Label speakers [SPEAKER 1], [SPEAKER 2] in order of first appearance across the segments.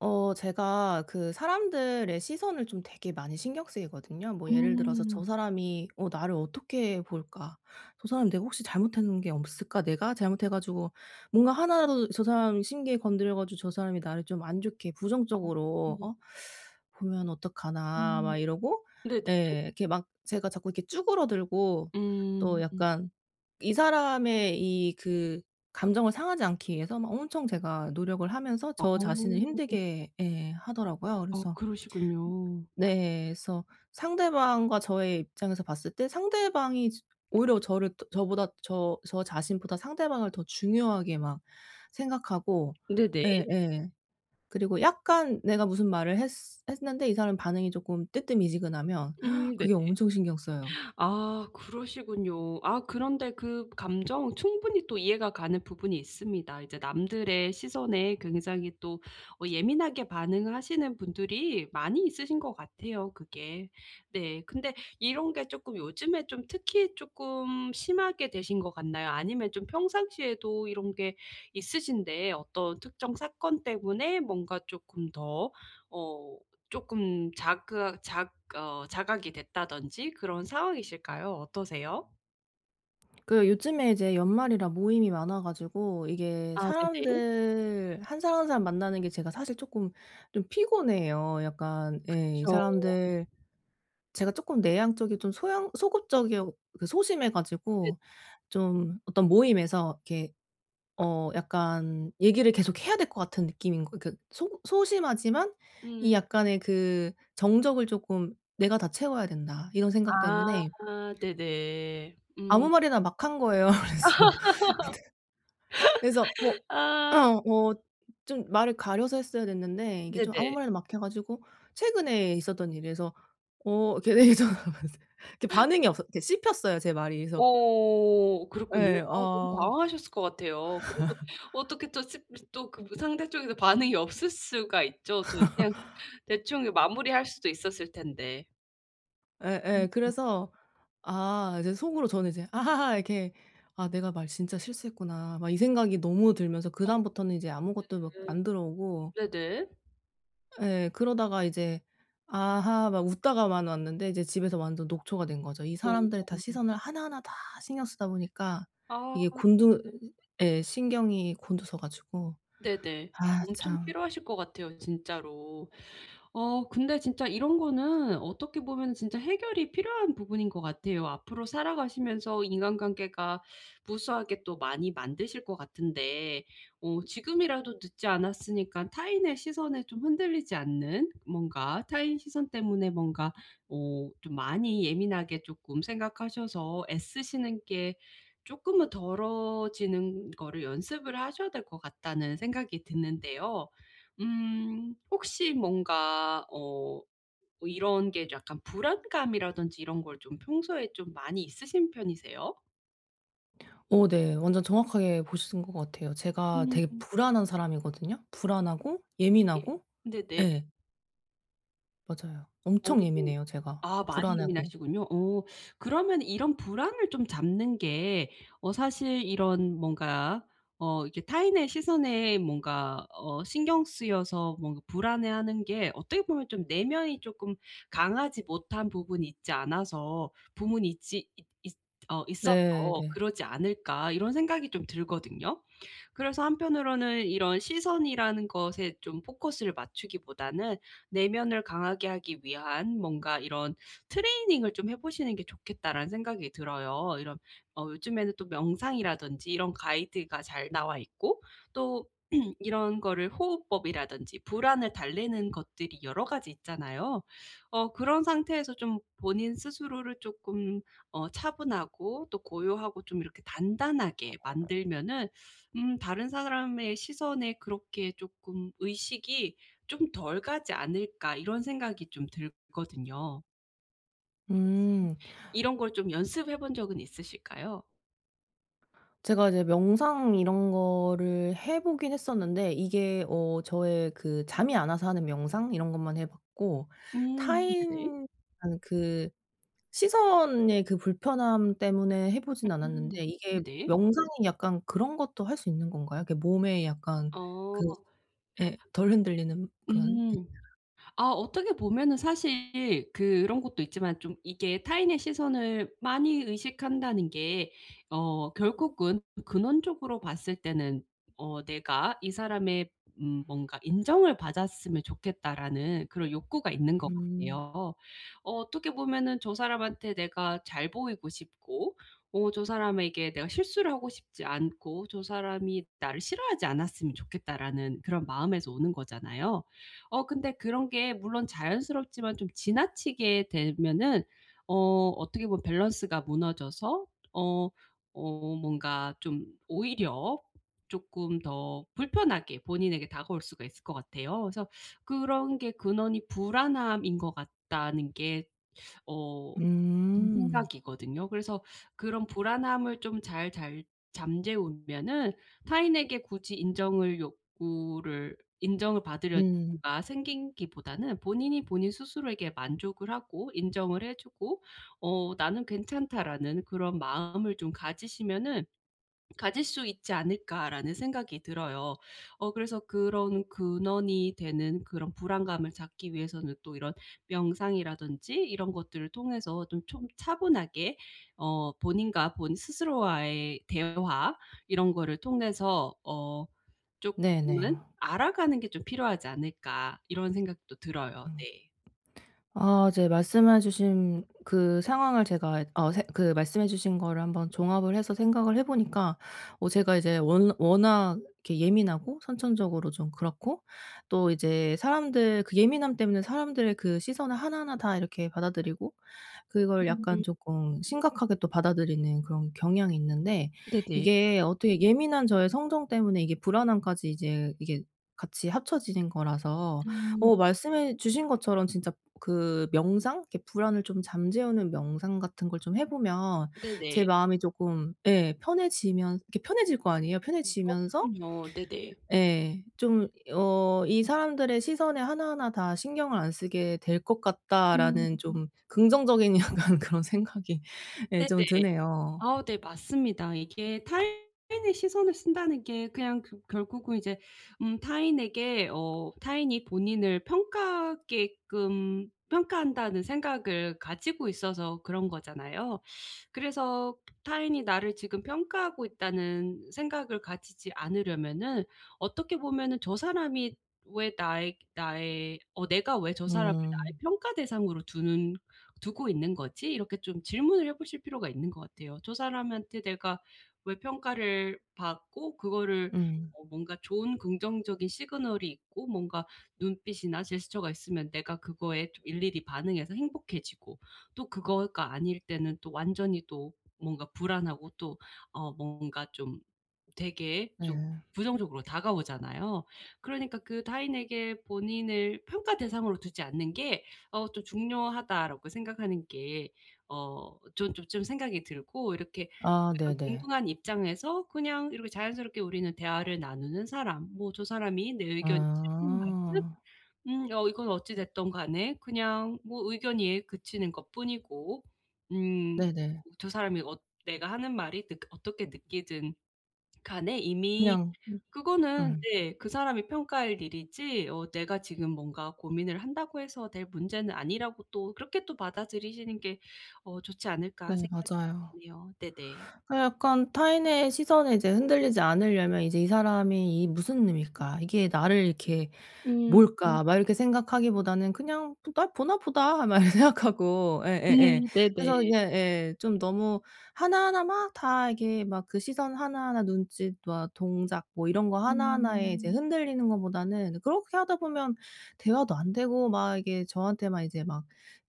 [SPEAKER 1] 어 제가 그 사람들의 시선을 좀 되게 많이 신경 쓰이거든요. 뭐 예를 들어서 '저
[SPEAKER 2] 음.
[SPEAKER 1] 사람이 어 나를 어떻게 볼까?', '저 사람 내가 혹시 잘못한 게 없을까?', '내가 잘못해 가지고 뭔가 하나라도 저 사람 심기 건드려 가지고 저 사람이 나를 좀 안 좋게 부정적으로
[SPEAKER 2] 아.
[SPEAKER 1] 어 보면 어떡하나?'
[SPEAKER 2] 음.
[SPEAKER 1] 막 이러고
[SPEAKER 2] 네네.
[SPEAKER 1] 예. 이렇게 막 제가 자꾸 이렇게 쭈그러들고 또
[SPEAKER 2] 음.
[SPEAKER 1] 약간 이 사람의 이 그 감정을 상하지 않기 위해서 막 엄청 제가 노력을 하면서
[SPEAKER 2] 어.
[SPEAKER 1] 저 자신을 힘들게 예 하더라고요.
[SPEAKER 2] 아
[SPEAKER 1] 그래서
[SPEAKER 2] 그러시군요.
[SPEAKER 1] 네. 그래서 상대방과 저의 입장에서 봤을 때 상대방이 스 오히려 저를 저보다 저 저 자신보다 상대방을 더 중요하게 막 생각하고
[SPEAKER 2] 네네.
[SPEAKER 1] 예예. 그리고 약간 내가 무슨 말을 했스 했는데 이 사람 반응이 쪼끔 뜨뜻미지근하면
[SPEAKER 2] 음 네.
[SPEAKER 1] 그게 엄청 신경 쓰여요.
[SPEAKER 2] 아 그러시군요. 아 그런데 그 감정은 충분히 또 이해가 가는 부분이 있습니다. 이제 남들의 시선에 굉장히 또 어 예민하게 반응을 하시는 분들이 많이 있으신 것 같아요 그게. 네. 근데 이런 게 쪼끔 요즘에 좀 특히 쪼끔 심하게 되신 것 같나요? 아니면 좀 평상시에도 이런 게 있으신데 어떤 특정 사건 때문에 뭔가 쪼끔 더 어 쪼끔 작그아 작 어 자각이 됐다든지 그런 상황이실까요? 어떠세요?
[SPEAKER 1] 그 요즘에 이제 연말이라 모임이 많아 가지고 이게
[SPEAKER 2] 아 네네.
[SPEAKER 1] 사람들 1 사람, 1 사람 만나는 게 제가 사실 쪼끔 좀 피곤해요 약간. 예. 이
[SPEAKER 2] 그쵸.
[SPEAKER 1] 사람들 제가 쪼끔 내향적이고 좀 소향 소극적이어 그 소심해
[SPEAKER 2] 네.
[SPEAKER 1] 가지고 좀 어떤 모임에서 이렇게 어 약간 얘기를 계속해야 될 것 같은 느낌인 거 그 소극 소심하지만 이
[SPEAKER 2] 음음.
[SPEAKER 1] 약간의 그 정적을 쪼끔 '내가 다 채워야 된다.' 이런 생각 때문에
[SPEAKER 2] 아 네네.
[SPEAKER 1] 아무
[SPEAKER 2] 음.
[SPEAKER 1] 말이나 막 한 거예요. 그래서 근데 그래서 뭐
[SPEAKER 2] 아.
[SPEAKER 1] 어 좀 말을 가려서 했어야 됐는데 이게 좀 아무
[SPEAKER 2] 네네.
[SPEAKER 1] 말이나 막 해 가지고 최근에 있었던 일이에요. 그래서 어 그래서 그 반응이 없었 그 씹혔어요 제 말이. 그래서
[SPEAKER 2] 어 그렇군요.
[SPEAKER 1] 예
[SPEAKER 2] 아 너무
[SPEAKER 1] 어.
[SPEAKER 2] 당황하셨을 것 같아요. 그래도 어떻게 또 스 스 또 그 뭐 상대 쪽에서 반응이
[SPEAKER 1] [unintelligible]
[SPEAKER 2] 없을 수가 있죠 어떻게? 그냥 대충 이 마무리할 수도 있었을 텐데.
[SPEAKER 1] 예예.
[SPEAKER 2] 음음.
[SPEAKER 1] 그래서 아 이제 속으로 저는 이제 아하하 이렇게 '아 내가 말 진짜 실수했구나.' 막 이 생각이 너무 들면서
[SPEAKER 2] 억
[SPEAKER 1] 그다음부터는 이제 아무것도 막 안 들어오고
[SPEAKER 2] 네네. 네네.
[SPEAKER 1] 예. 그러다가 이제 아하 막 웃다가만 왔는데 이제 집에서 완전 녹초가 된 거죠. 이 사람들의 다
[SPEAKER 2] 어.
[SPEAKER 1] 시선을 하나하나 다 신경 쓰다 보니까
[SPEAKER 2] 아
[SPEAKER 1] 이게 곤두
[SPEAKER 2] 네.
[SPEAKER 1] 예 신경이 곤두서 가지고,
[SPEAKER 2] 네네.
[SPEAKER 1] 아
[SPEAKER 2] 엄청
[SPEAKER 1] 참.
[SPEAKER 2] 피로하실 것 같아요 진짜로. 어 근데 진짜 이런 거는 어떻게 보면 진짜 해결이 필요한 부분인 것 같아요. 앞으로 살아가시면서 인간관계가 무수하게 또 많이 만드실 것 같은데 어 지금이라도 늦지 않았으니까 타인의 시선에 좀 흔들리지 않는 뭔가 타인 시선 때문에 뭔가 어 좀 많이 예민하게 쪼끔 생각하셔서 애쓰시는 게 쪼끔은 덜어지는 거를 연습을 하셔야 될 것 같다는 생각이 드는데요. 음 혹시 뭔가 어 이런 게 약간 불안감이라든지 이런 걸 좀 평소에 좀 많이 있으신 편이세요?
[SPEAKER 1] 어 네. 완전 정확하게 보신 것 같아요. 제가 되게
[SPEAKER 2] 음.
[SPEAKER 1] 불안한 사람이거든요. 불안하고
[SPEAKER 2] 예.
[SPEAKER 1] 예민하고
[SPEAKER 2] 네네.
[SPEAKER 1] 예. 맞아요.
[SPEAKER 2] 어.
[SPEAKER 1] 엄청 예민해요, 제가
[SPEAKER 2] 아 많이
[SPEAKER 1] 불안해하고.
[SPEAKER 2] 예민하시군요. 어 그러면 이런 불안을 좀 잡는 게 어 사실 이런 뭔가 어 이게 타인의 시선에 뭔가 어 신경 쓰여서 뭔가 불안해하는 게 어떻게 보면 좀 '내면이 쪼끔 강하지 못한 부분이 있지 않아서 부문이 있지 있 있 어 있어서
[SPEAKER 1] 네네.
[SPEAKER 2] 그러지 않을까?' 이런 생각이 좀 들거든요. 그래서 한편으로는 이런 '시선이라는 것에 좀 포커스를 맞추기보다는 내면을 강하게 하기 위한 뭔가 이런 트레이닝을 좀 해 보시는 게 좋겠다.'라는 생각이 들어요. 이런 어 요즘에는 또 명상이라든지 이런 가이드가 잘 나와있고 또 이런 거를 호흡법이라든지 불안을 달래는 것들이 여러 가지 있잖아요. 어 그런 상태에서 좀 본인 스스로를 쪼끔 어 차분하고 또 고요하고 좀 이렇게 단단하게 만들면은 음 '다른 사람의 시선에 그렇게 쪼끔 의식이 좀 덜 가지 않을까.' 이런 생각이 좀 들거든요. 혹시
[SPEAKER 1] 음.
[SPEAKER 2] 이런 걸 좀 연습해본 적은 있으실까요?
[SPEAKER 1] 제가 이제 명상 이런 거를 해보긴 했었는데 이게 어 저의 그 잠이 안 와서 하는 명상 이런 것만 해봤고
[SPEAKER 2] 음 네.
[SPEAKER 1] 타인의 그 시선의 그 불편함 때문에 해보진
[SPEAKER 2] 음
[SPEAKER 1] 않았는데 이게
[SPEAKER 2] 네.
[SPEAKER 1] 명상이 약간 그런 것도 할 수 있는 건가요? 그게 몸에 약간
[SPEAKER 2] 어.
[SPEAKER 1] 그 예. 덜 흔들리는 그런
[SPEAKER 2] 음. 아 어떻게 보면은 사실 그런 것도 있지만 좀 이게 타인의 시선을 많이 의식한다는 게 어 결국은 근원적으로 봤을 때는 어 '내가 이 사람의 음 뭔가 인정을 받았으면 좋겠다.'라는 그런 욕구가 있는 것
[SPEAKER 1] 음.
[SPEAKER 2] 같아요. 어 어떻게 보면은 '저 사람한테 내가 잘 보이고 싶고 어 사람에게 내가 실수를 하고 싶지 않고 저 사람이 나를 싫어하지 않았으면 좋겠다.'라는 그런 마음에서 오는 거잖아요. 어 근데 그런 게 물론 자연스럽지만 좀 지나치게 되면은 어 어떻게 보면 밸런스가 무너져서 어 어 뭔가 좀 오히려 쪼끔 더 불편하게 본인에게 다가올 수가 있을 것 같아요. 그래서 그런 게 근원이 불안함인 것 같다는 게 어 제
[SPEAKER 1] 음.
[SPEAKER 2] 생각이거든요. 그래서 그런 불안함을 좀 잘 잘 잠재우면은 타인에게 굳이 인정을 욕구를 인정을
[SPEAKER 1] 음.
[SPEAKER 2] 받으려든가 생기기보다는 본인이 본인 스스로에게 만족을 하고 인정을 해 주고 어 '나는 괜찮다.'라는 그런 마음을 좀 가지시면은 가질 수 있지 않을까라는 생각이 들어요. 어 그래서 그런 '근원이 되는 그런 불안감을 잡기 위해서는 또 이런 명상이라든지 이런 것들을 통해서 좀 좀 차분하게 어 본인과 본인 스스로와의 대화 이런 거를 통해서 어
[SPEAKER 1] 네네.
[SPEAKER 2] 쪼끔은 알아가는 게 좀 필요하지 않을까.' 이런 생각도 들어요.
[SPEAKER 1] 음.
[SPEAKER 2] 네.
[SPEAKER 1] 아 이제 말씀해 주신 그 상황을 제가 어 생 그 말씀해 주신 거를 한번 종합을 해서 생각을 해 보니까 어
[SPEAKER 2] 네.
[SPEAKER 1] 제가 이제 워 워낙 이렇게 예민하고 선천적으로 좀 그렇고 또 이제 사람들 그 예민함 때문에 사람들 그 시선을 하나하나 다 이렇게 받아들이고 그걸 약간
[SPEAKER 2] 음.
[SPEAKER 1] 쪼끔 심각하게 또 받아드리는 그런 경향이 있는데
[SPEAKER 2] 네네.
[SPEAKER 1] 이게 어떻게 예민한 저의 성정 때문에 이게 불안함까지 이제 이게 같이 합쳐지는 거라서
[SPEAKER 2] 음.
[SPEAKER 1] 어 말씀해 주신 것처럼 진짜 그 명상 이렇게 불안을 좀 잠재우는 명상 같은 걸 좀 해 보면 제
[SPEAKER 2] 네네.
[SPEAKER 1] 마음이 조금 예 편해지면 이게 편해질 거 아니에요.
[SPEAKER 2] 어
[SPEAKER 1] 편해지면서
[SPEAKER 2] 그럼요. 네네.
[SPEAKER 1] 예 좀 어 '이 사람들의 시선에 하나하나 다 신경을 안 쓰게 될 것
[SPEAKER 2] 음.
[SPEAKER 1] 같다.'라는 좀 긍정적인 약간 그런 생각이 예
[SPEAKER 2] 네네.
[SPEAKER 1] 좀 드네요.
[SPEAKER 2] 아 네 맞습니다. 이게 타인의 시선을 쓴다는 게 그냥 그 결국은 이제 음 타인에게 어 '타인이 본인을 평가하게끔 평가한다.'는 생각을 가지고 있어서 그런 거잖아요. 그래서 '타인이 나를 지금 평가하고 있다.'는 생각을 가지지 않으려면은 어떻게 보면은 '저 사람이 왜 나의 나의 어 내가 왜 저 사람을 나의
[SPEAKER 1] 음.
[SPEAKER 2] 평가 대상으로 두는 두고 있는 거지?' 이렇게 좀 질문을 해보실 필요가 있는 것 같아요. 저 사람한테 내가 왜 평가를 받고 그거를
[SPEAKER 1] 음.
[SPEAKER 2] 뭐 뭔가 좋은 긍정적인 시그널이 있고 뭔가 눈빛이나 제스처가 있으면 내가 그거에 좀 일일이 반응해서 행복해지고 또 그거가 아닐 때는 또 완전히 또 뭔가 불안하고 또 어 뭔가 좀 되게 좀
[SPEAKER 1] 네.
[SPEAKER 2] 부정적으로 다가오잖아요. 그러니까 그 '타인에게 본인을 평가 대상으로 두지 않는 게 어 좀 중요하다.'라고 생각하는 게 어 전 좀 좀 생각이 들고 이렇게
[SPEAKER 1] 아
[SPEAKER 2] [unintelligible]
[SPEAKER 1] 네네.
[SPEAKER 2] 동등한 입장에서 그냥 이렇게 자연스럽게 우리는 대화를 나누는 사람 뭐 저 사람이 내 의견이 싫든 말든
[SPEAKER 1] 아.
[SPEAKER 2] 음 이건 어찌 됐든 간에 그냥 뭐 의견이 그치는 것 뿐이고 음
[SPEAKER 1] 네네.
[SPEAKER 2] 저 사람이 어 내가 하는 말이 그 어떻게 느끼든 간에 이미
[SPEAKER 1] 그냥 응.
[SPEAKER 2] 그거는
[SPEAKER 1] 음.
[SPEAKER 2] 네 그 사람이 평가할 일이지 어 내가 지금 뭔가 고민을 한다고 해서 될 문제는 아니라고 또 그렇게 또 받아들이시는 게 어 좋지 않을까
[SPEAKER 1] 네
[SPEAKER 2] 생각이
[SPEAKER 1] 맞아요.
[SPEAKER 2] 드네요. 네네.
[SPEAKER 1] 아 약간 타인의 시선에 이제 흔들리지 않으려면 이제 '이 사람이 이 무슨 의미일까? 이게 나를 이렇게
[SPEAKER 2] 음.
[SPEAKER 1] 뭘까?' 막 이렇게 생각하기보다는 '그냥 날 보나 보다.' 막 이렇게 생각하고
[SPEAKER 2] 네.
[SPEAKER 1] 예예예. 그래서
[SPEAKER 2] 네네.
[SPEAKER 1] 그냥 예. 좀 너무 하나하나 막 다 이게 막 그 시선 하나하나 눈짓 막 동작 뭐 이런 거 하나하나에 이제
[SPEAKER 2] 음.
[SPEAKER 1] 흔들리는 거보다는 그렇게 하다 보면 대화도 안되고 막 이게 저한테 막 이제 막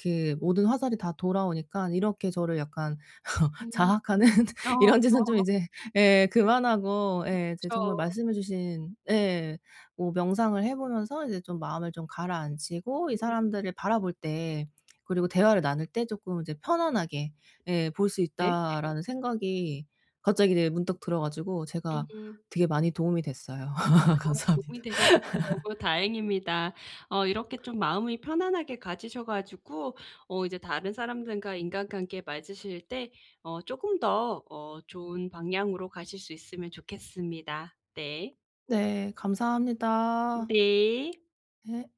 [SPEAKER 1] 그 모든 화살이 다 돌아오니까 이렇게 저를 약간
[SPEAKER 2] 음
[SPEAKER 1] 자학하는
[SPEAKER 2] 어.
[SPEAKER 1] 이런 짓은 좀 이제 예 그만하고 예 이제
[SPEAKER 2] 그쵸.
[SPEAKER 1] 정말 말씀해주신 예 뭐 명상을 해 보면서 이제 좀 마음을 좀 가라앉히고 '이
[SPEAKER 2] 음.
[SPEAKER 1] 사람들을 바라볼 때 그리고 대화를 나눌 때 쪼끔 이제 편안하게 예 볼 수
[SPEAKER 2] 네네.
[SPEAKER 1] 있다.'라는 생각이 갑자기 이제 문득 들어 가지고 제가
[SPEAKER 2] 음.
[SPEAKER 1] 되게 많이 도움이 됐어요.
[SPEAKER 2] 아
[SPEAKER 1] 감사합니다.
[SPEAKER 2] 도움이 되셨으니까 너무 다행입니다. 어 이렇게 좀 마음이 편안하게 가지셔 가지고 어 이제 다른 사람들과 인간관계 맞으실 때 어 쪼금 더 어 좋은 방향으로 가실 수 있으면 좋겠습니다. 네.
[SPEAKER 1] 네. 감사합니다.
[SPEAKER 2] 네.
[SPEAKER 1] 네.